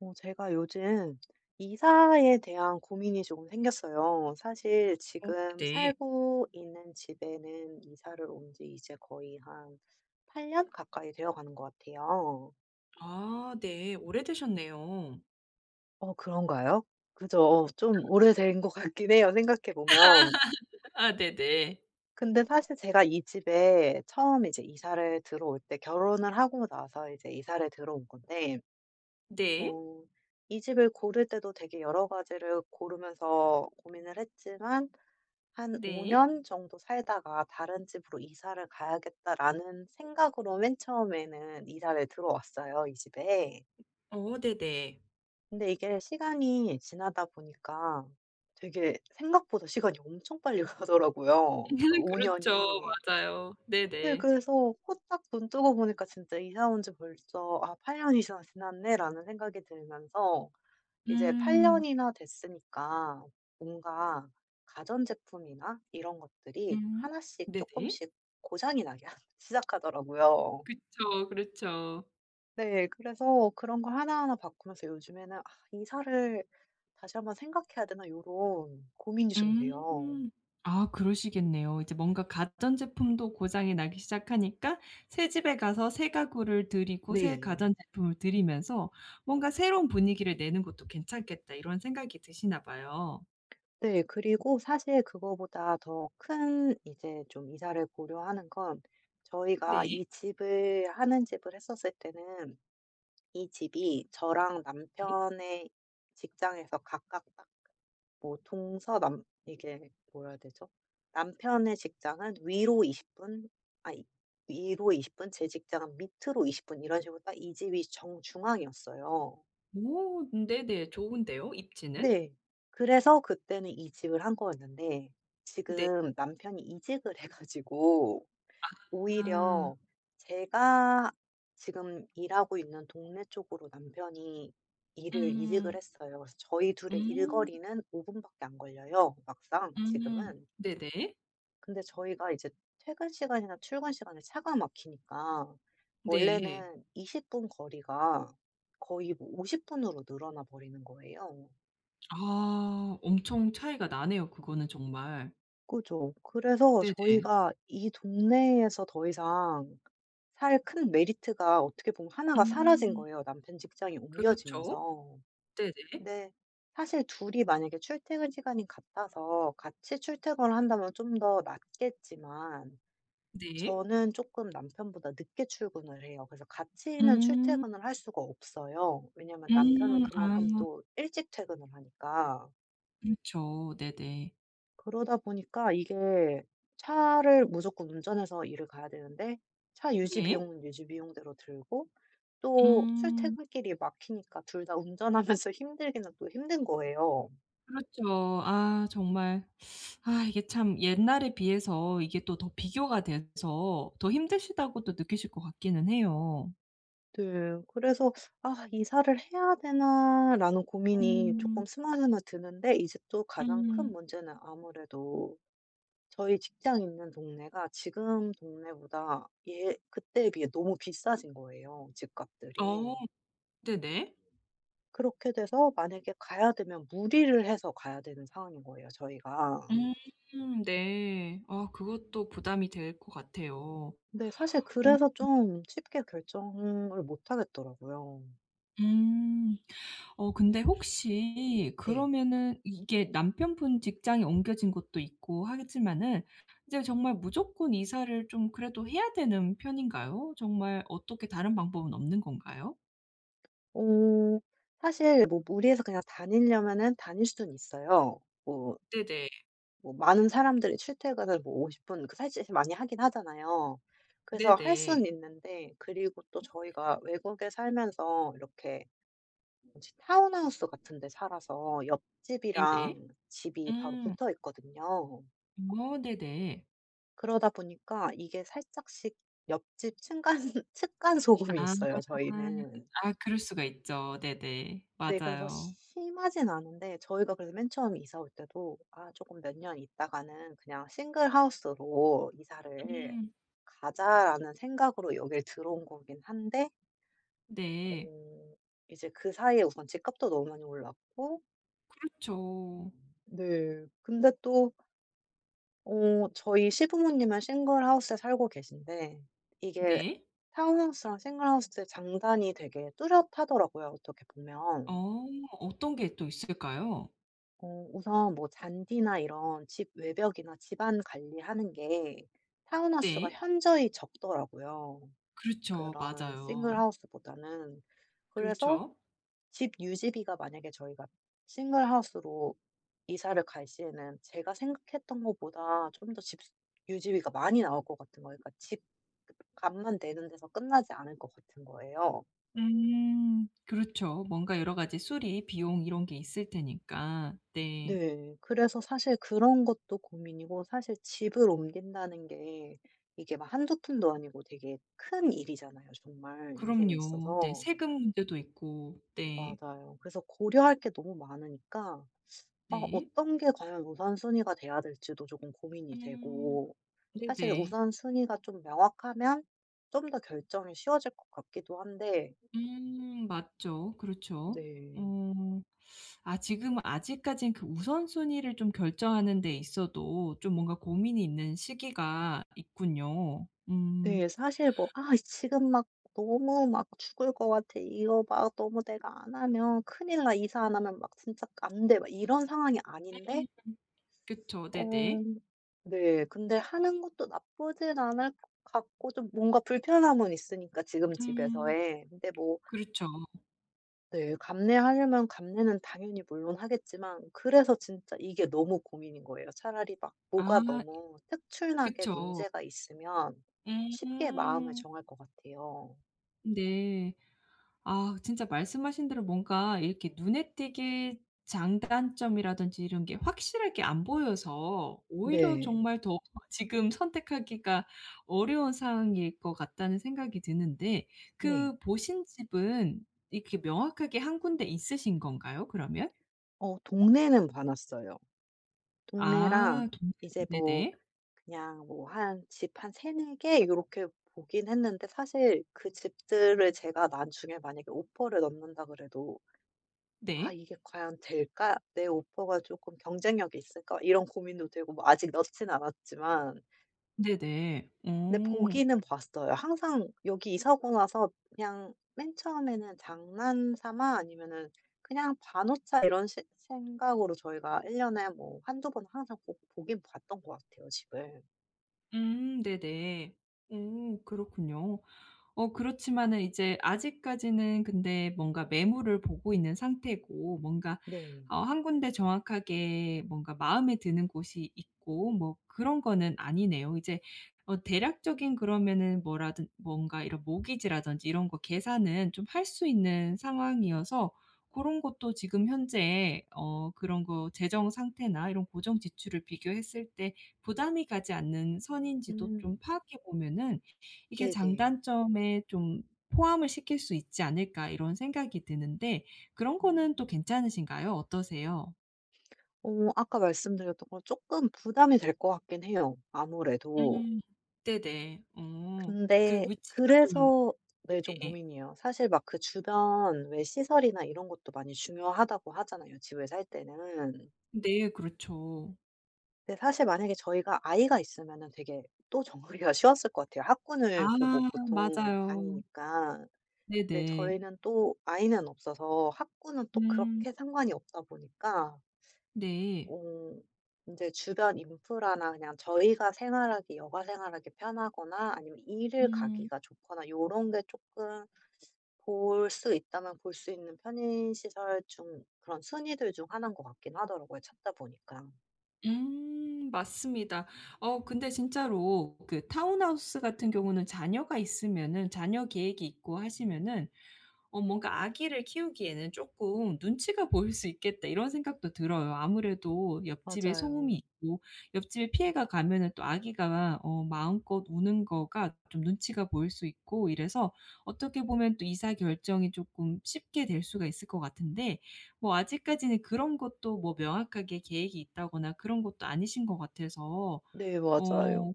어 제가 요즘 이사에 대한 고민이 조금 생겼어요. 사실 어 지금 네. 살고 있는 집에는 이사를 온 지 이제 거의 한 8 년 가까이 되어가는 것 같아요. 아 네 오래 되셨네요. 어 그런가요? 그죠. 좀 오래된 것 같긴 해요 생각해 보면. 아 네네. 근데 사실 제가 이 집에 처음에 이제 이사를 들어올 때 결혼을 하고 나서 이제 이사를 들어온 건데 네. 뭐 이 집을 고를 때도 되게 여러 가지를 고르면서 고민을 했지만 '한 5 네. 년 정도 살다가 다른 집으로 이사를 가야겠다.'라는 생각으로 맨 처음에는 이사를 들어왔어요 이 집에. 어 네네. 근데 이게 시간이 지나다 보니까 되게 생각보다 시간이 엄청 빨리 가더라고요 그 5 그렇죠. 년이. 맞아요. 네 네네. 그래서 후딱 눈 뜨고 보니까 진짜 '이사 온 지 벌써 아 8 년이 지났스 지났네.'라는 생각이 들면서 이제 8 음. 년이나 됐으니까 뭔가 가전제품이나 이런 것들이 음 하나씩 네네. 쪼끔씩 고장이 나기 하 시작하더라고요. 그쵸. 그렇죠. 네. 그래서 그런 거 하나하나 바꾸면서 요즘에는 '아 이사를 다시 한번 생각해야 되나.' 요런 고민이 좀 돼요. 음. 아 그러시겠네요. 이제 뭔가 가전제품도 고장이 나기 시작하니까 새 집에 가서 새 가구를 들이고 새 네. 가전제품을 들이면서 '뭔가 새로운 분위기를 내는 것도 괜찮겠다.' 이런 생각이 드시나 봐요. 네 그리고 사실 그거보다 더 큰 이제 좀 이사를 고려하는 건 저희가 네. 이 집을 하는 집을 했었을 때는 이 집이 저랑 네. 남편의 직장에서 가깝다 뭐 동서남 이게 뭐라 해야 되죠? 남편의 직장은 위로 20 분 아니 위로 20 분 제 직장은 밑으로 20 분 이런 식으로 딱 이 집이 정중앙이었어요. 오 네네. 좋은데요 입지는? 네. 그래서 그때는 이 집을 한 거였는데 네. 지금 남편이 이직을 해 가지고 아. 오히려 제가 지금 일하고 있는 동네 쪽으로 남편이 일을 이직을 음. 했어요. 그래서 저희 2 의 음. 일거리는 5 분밖에 안 걸려요, 막상 음 지금은. 네네. 근데 저희가 이제 퇴근 시간이나 출근 시간에 차가 막히니까 네. 원래는 20 분 거리가 거의 뭐 50 분으로 늘어나 버리는 거예요. 아 엄청 차이가 나네요 그거는 정말. 그죠. 그래서 네네. 저희가 이 동네에서 더이상 살 큰 메리트가 어떻게 보면 1 가 사라진 음. 거예요 남편 직장이 그렇죠. 옮겨지면서. 네네. 근데 사실 2 이 만약에 출퇴근 시간이 같아서 같이 출퇴근을 한다면 좀 더 낫겠지만 네. 저는 쪼끔 남편보다 늦게 출근을 해요. 그래서 같이는 음. 출퇴근을 할 수가 없어요. 왜냐하면 남편은 음. 그만큼 아. 또 일찍 퇴근을 하니까. 그렇죠. 네네. 그러다 보니까 이게 차를 무조건 운전해서 일을 가야 되는데 차 유지 네. 비용은 유지 비용대로 들고 또 음. 출퇴근 길이 막히니까 2 다 운전하면서 힘들기는 또 힘든 거예요. 그렇죠. 아 정말 아 이게 참 옛날에 비해서 이게 또 더 비교가 돼서 더 힘드시다고도 느끼실 것 같기는 해요. 네. 그래서 '아 이사를 해야 되나?'라는 고민이 쪼끔 음. 스멀스멀 드는데 이제 또 가장 큰 음. 문제는 아무래도 저희 직장이 있는 동네가 지금 동네보다 예 그때에 비해 너무 비싸진 거예요 어 집값들이. 네네. 그렇게 돼서 만약에 가야 되면 무리를 해서 가야 되는 상황인 거예요 저희가. 음 네. 아 그것도 부담이 될 것 같아요. 근데 사실 어 음. 그래서 좀 쉽게 결정을 못 하겠더라고요. 음. 어 근데 혹시 네. 그러면은 이게 남편분 직장이 옮겨진 곳도 있고 하겠지만은 이제 정말 무조건 이사를 좀 그래도 해야 되는 편인가요? 정말 어떻게 다른 방법은 없는 건가요? 어. 사실 뭐 무리해서 그냥 다니려면은 다닐 수는 있어요 뭐 네네. 뭐 많은 사람들이 출퇴근을 뭐 50 분 그 사실 많이 하긴 하잖아요. 그래서 할 수는 네네. 있는데 그리고 또 저희가 외국에 살면서 이렇게 뭐지? 타운하우스 같은 데 살아서 네네. 옆집이랑 집이 바로 음. 붙어 있거든요. 음 어 네네. 그러다 보니까 이게 살짝씩 옆집 층간 측간 소음이 아. 있어요, 저희는. 아 그럴 수가 있죠. 네네. 네. 그래서 맞아요. 심하진 않은데 저희가 그래서 맨 처음 이사 올 때도 '아 쪼끔 몇 년 있다가는 그냥 single house로 이사를 음. 가자.'라는 생각으로 여길 들어온 거긴 한데 네. 어 이제 그 사이에 우선 집값도 너무 많이 올랐고 그렇죠. 네. 근데 또 어 저희 시부모님은 싱글하우스에 살고 계신데 이게 네. 타운하우스랑 싱글하우스의 장단이 되게 뚜렷하더라고요 어떻게 보면. 어 어떤 게 또 있을까요? 어 우선 뭐 잔디나 이런 집 외벽이나 집안 관리하는 게 타운하우스가 네. 현저히 적더라고요 그렇죠. 그런 맞아요. 싱글 하우스 보다는. 그래서 그렇죠. 집 유지비가 만약에 저희가 싱글 하우스로 이사를 갈 시에는 제가 생각했던 것보다 좀 더 집 스 유지비가 많이 나올 것 같은 거예요. 그러니까 집 [unintelligible] 값만 내는 데서 끝나지 않을 것 같은 거예요. 음 그렇죠. 뭔가 여러 가지 수리 비용 이런 게 있을 테니까. 네. 네. 그래서 사실 그런 것도 고민이고 사실 집을 옮긴다는 게 이게 막 한두 푼도 아니고 되게 큰 일이잖아요 정말 인생에 그럼요. 네 있어서. 세금 문제도 있고. 네. 맞아요. 그래서 고려할 게 너무 많으니까 아 네. 어떤 게 과연 우선순위가 돼야 될지도 쪼금 고민이 음 되고 사실 네네. 우선순위가 좀 명확하면 좀 더 결정이 쉬워질 것 같기도 한데 음 맞죠. 그렇죠. 네. 어 아 지금 아직까진 그 우선순위를 좀 결정하는 데 있어도 좀 뭔가 고민이 있는 시기가 있군요. 음. 네. 사실 뭐 "아 이 지금 막 너무 막 죽을 것 같아. 이거 막 너무 내가 안 하면 큰일 나. 이사 안 하면 막 진짜 안 돼." 막 이런 상황이 네. 아닌데 음. 그쵸 어 네네. 네. 근데 하는 것도 나쁘진 않을 것 같고 좀 뭔가 불편함은 있으니까 지금 음. 집에서의. 근데 뭐 그렇죠. 네. 감내하려면 감내는 당연히 물론 하겠지만 그래서 진짜 이게 너무 고민인 거예요. 차라리 막 아 뭐가 너무 특출나게 그쵸. 문제가 있으면 쉽게 마음을 음. 정할 것 같아요. 네. 아 진짜 말씀하신 대로 뭔가 이렇게 눈에 띄게 장단점이라든지 이런 게 확실하게 안 보여서 오히려 네. 정말 더욱 지금 선택하기가 어려운 상황일 것 같다는 생각이 드는데 네. 그 보신 집은 이렇게 명확하게 1 군데 있으신 건가요 그러면? 어 동네는 봐 놨어요, 아 동네랑. 동네는 이제 뭐 네네. 그냥 뭐 한 집 한 3-4 개 요렇게 보긴 했는데 사실 그 집들을 제가 나중에 만약에 오퍼를 넣는다 그래도 '아 네. 이게 과연 될까? 내 오퍼가 쪼끔 경쟁력이 있을까?' 이런 고민도 되고 뭐 아직 넣진 않았지만 네네. 근데 음. 보기는 봤어요. 항상 여기 이사하고 나서 그냥 맨 처음에는 장난삼아 아니면은 '그냥 봐 놓자.' 이런 시 생각으로 저희가 1 년에 뭐 1-2 번 항상 꼭 보긴 봤던 것 같아요 집을. 음 네네. 음 그렇군요. 어 그렇지만은 이제 아직까지는 근데 뭔가 매물을 보고 있는 상태고 뭔가 네. 어 1 군데 정확하게 뭔가 마음에 드는 곳이 있고 뭐 그런 거는 아니네요. 이제 어 대략적인 그러면은 뭐라든 뭔가 이런 모기지라든지 이런 거 계산은 좀 할 수 있는 상황이어서 고런 것도 지금 현재 어 그런 거 재정 상태나 이런 고정 지출을 비교했을 때 부담이 가지 않는 선인지도 좀 음. 파악해 보면은 '이게 네네. 장단점에 좀 포함을 시킬 수 있지 않을까?' 이런 생각이 드는데 그런 거는 또 음. 괜찮으신가요? 어떠세요? 어 아까 말씀드렸던 거 쪼끔 부담이 될 것 같긴 해요 아무래도. 음 네네. 어 그 근데 위치가 좀 그래서 네 좀 네네. 고민이에요. 사실 막 그 주변 왜 시설이나 이런 것도 많이 중요하다고 하잖아요 집을 살 때는. 네 그렇죠. 근데 사실 만약에 저희가 아이가 있으면은 되게 또 정리가 쉬웠을 것 같아요. 아 학군을 보고 보통 맞아요. 다니니까. 근데 네네. 저희는 또 아이는 없어서 학군은 또 음. 그렇게 상관이 없다 보니까 네. 어 인제 주변 인프라나 그냥 저희가 생활하기 여가 생활하기 편하거나 아니면 일을 음. 가기가 좋거나 요런 게 쪼끔 볼 수 있다면 볼 수 있는 편의 시설 중 그런 순위들 중 하나인 것 같긴 하더라고요 찾다 보니까. 음 맞습니다. 어 근데 진짜로 그 타운하우스 같은 경우는 자녀가 있으면은 자녀 계획이 있고 하시면은 어 뭔가 '아기를 키우기에는 쪼끔 눈치가 보일 수 있겠다.' 이런 생각도 들어요. 아무래도 옆집에 소음이 맞아요. 있고 옆집에 피해가 가면은 또 아기가 어 마음껏 우는 거가 좀 눈치가 보일 수 있고 이래서 어떻게 보면 또 이사 결정이 쪼끔 쉽게 될 수가 있을 것 같은데 뭐 아직까지는 그런 것도 뭐 명확하게 계획이 있다거나 그런 것도 아니신 것 같아서 네 어 맞아요.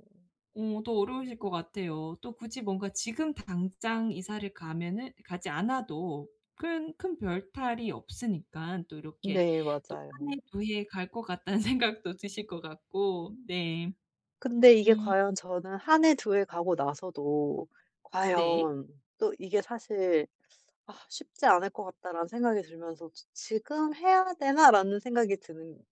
어 더 어려우실 것 같아요. 또 굳이 뭔가 지금 당장 이사를 가면은 가지 않아도 큰 큰 별 탈이 없으니깐 또 '이렇게 네 또 맞아요. 1 해, 2 해 갈 것 같다.'는 생각도 드실 것 같고 네. 근데 이게 음. 과연 저는 1 해, 2 해 가고 나서도 네. 과연 또 이게 사실 '아 쉽지 않을 것 같다.'라는 생각이 들면서 '지 지금 해야 되나?'라는 생각이 드는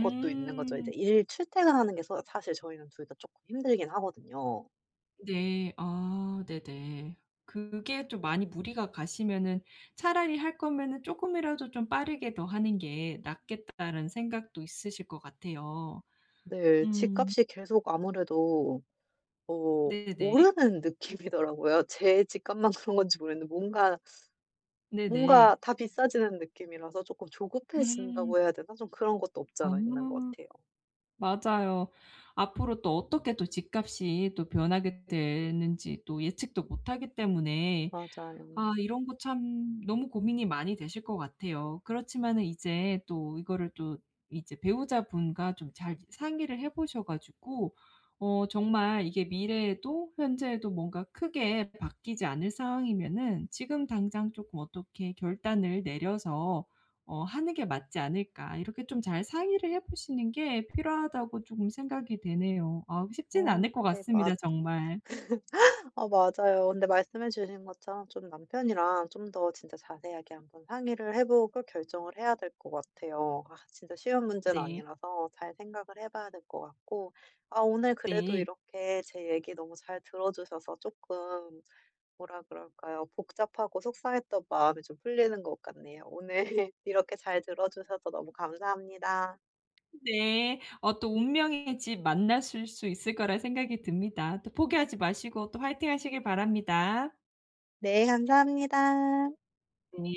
것도 있는 거죠. 이제 일 출퇴근하는 게 서 사실 저희는 2 다 쪼끔 힘들긴 하거든요. 네. 아 네네. 그게 좀 많이 무리가 가시면은 '차라리 할 거면은 쪼끔이라도 좀 빠르게 더 하는 게 낫겠다.'라는 생각도 있으실 것 같아요. 네. 음 집값이 계속 아무래도 어 네네. 오르는 느낌이더라고요. 제 집값만 그런 건지 모르겠는데 뭔가 뭔가 네네. 다 비싸지는 느낌이라서 쪼끔 음. 조급해진다고 해야 되나? 좀 그런 것도 아. 없잖아 있는 것 같아요. 맞아요. 앞으로 또 어떻게 또 집값이 또 변하게 되는지 또 예측도 못하기 때문에 아 맞아요. 이런 거 참 너무 고민이 많이 되실 것 같아요. 그렇지만은 이제 또 이거를 또 이제 배우자분과 좀 잘 상의를 해 보셔 가지고 어 정말 이게 미래에도 현재에도 뭔가 크게 바뀌지 않을 상황이면은 지금 당장 쪼끔 어떻게 결단을 내려서 어 하는 게 맞지 않을까. 이렇게 좀 잘 상의를 해 보시는 게 필요하다고 쪼금 생각이 되네요. 아 쉽지는 어 않을 것 네 같습니다 맞 정말. 어 맞아요. 근데 말씀해 주신 것처럼 좀 남편이랑 좀 더 진짜 자세하게 한번 상의를 해 보고 결정을 해야 될 것 같아요. 아 진짜 쉬운 문제는 네. 아니라서 잘 생각을 해 봐야 될 것 같고 아 오늘 그래도 네 이렇게 제 얘기 너무 잘 들어 주셔서 쪼끔 뭐라 그럴까요. 복잡하고 속상했던 마음이 좀 풀리는 것 같네요. 오늘 이렇게 잘 들어 주셔서 너무 감사합니다. 네. 어 또 운명의 집 만나실 수 있을 거라는 생각이 듭니다. 또 포기하지 마시고 또 화이팅하시길 바랍니다. 네. 감사합니다. 니